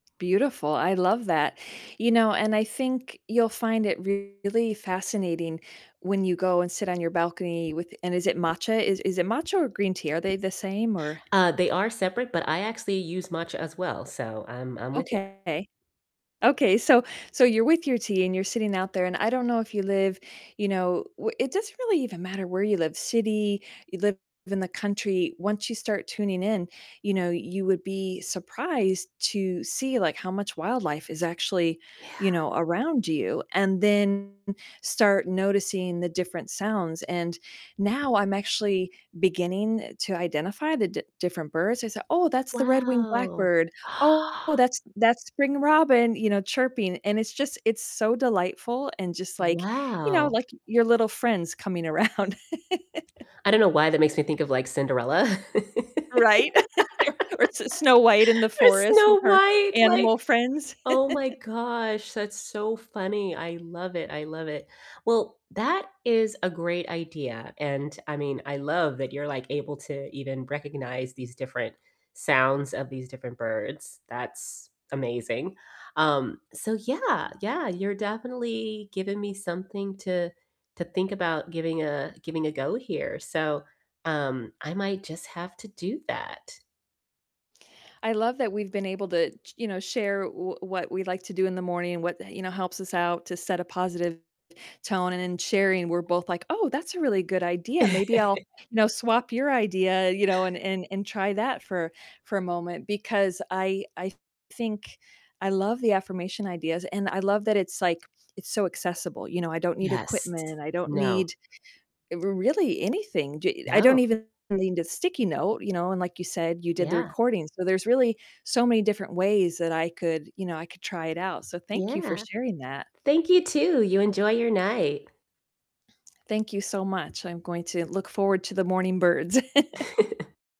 Beautiful, I love that. You know, and I think you'll find it really fascinating when you go and sit on your balcony with and is it matcha, is is it matcha or green tea, are they the same, or Uh, they are separate, but I actually use matcha, as well, so I'm I'm with ya. Okay. Okay, so so you're with your tea, and you're sitting out there and I don't know if you live, you know, wh it doesn't really even matter where you live, city, you live in the country. Once you start tuning in, you know, you would be surprised to see, like, how much wildlife is actually, Yeah. you know, around you, and then start noticing the different sounds, and now, I'm actually beginning to identify the d different birds. I say, "Oh, that's the red-winged Wow. blackbird. Oh, that's that's spring robin," you know, chirping, and it's just, it's so delightful, and just, like, you know, Wow. like, your little friends coming around. I don't know why that makes me think of, like, Cinderella, or Right? Or S Snow White in the forest with Snow her White, like, animal friends. oh my gosh, that's so funny, I love it, I love it. Well, that is a great idea, and I mean, I love that you're like able to even recognize these different sounds of these different birds, that's amazing. Um, so yeah, yeah, you're definitely giving me something to to think about giving a giving a go here, so, um, I might just have to do that. I love that we've been able to ch you know, share w what we like to do in the morning, and what, you know, helps us out to set a positive tone, and in sharing, we're both like, "Oh, that's a really good idea, maybe I'll, you know, swap your idea, you know, and and and try that for for a moment," because I I think I love the affirmation ideas, and I love that it's, like, it's so accessible, you know, I don't need Yes, equipment, I don't no. need r really anything, j I don't No. even need a sticky note, you know, and like you said, you did the Yeah. recording, so there's really so many different ways that I could you know, I could try it out, so thank you for Yeah. sharing that. Thank you, too, you enjoy your night. Thank you so much, I'm going to look forward to the morning birds.